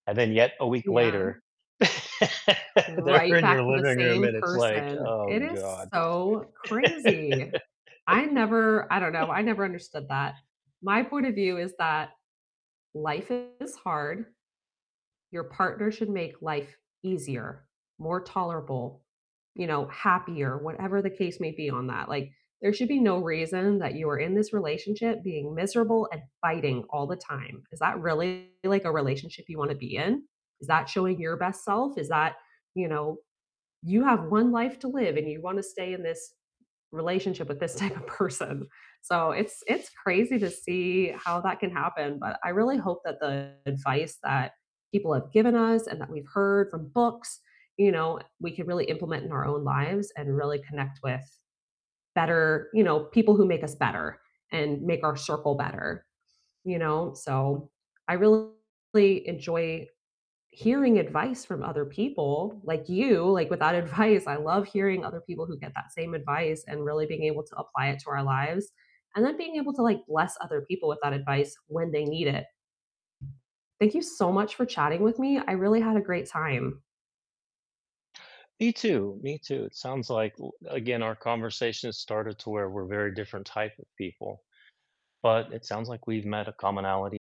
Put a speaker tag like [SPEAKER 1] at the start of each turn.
[SPEAKER 1] And then, yet, a week
[SPEAKER 2] Yeah.
[SPEAKER 1] later, they're
[SPEAKER 2] Right
[SPEAKER 1] in
[SPEAKER 2] back
[SPEAKER 1] your
[SPEAKER 2] to the
[SPEAKER 1] living room,
[SPEAKER 2] same
[SPEAKER 1] and it's like,
[SPEAKER 2] person.
[SPEAKER 1] "Oh,
[SPEAKER 2] It is
[SPEAKER 1] god."
[SPEAKER 2] so crazy. I never I don't know, I never understood that. My point of view is that life is hard, your partner should make life easier, more tolerable, you know, happier, whatever the case may be on that, like, there should be no reason that you are in this relationship being miserable and fighting all the time. Is that really, like, a relationship you wanna be in? Is that showing your best self? Is that, you know you have 1 life to live, and you wanna stay in this relationship with this type of person. So it's it's crazy to see how that can happen, but I really hope that the advice that people have given us and that we've heard from books, you know, we can really implement in our own lives and really connect with better you know, people who make us better, and make our circle better, you know, so I really enjoy hearing advice from other people, like you, like, with that advice, I love hearing other people who get that same advice and really being able to apply it to our lives, and then being able to, like, bless other people with that advice when they need it. Thank you so much for chatting with me, I really had a great time.
[SPEAKER 1] Me too, me too, it sounds like w again, our conversation started to where we're very different type of people, but it sounds like we've met a commonality.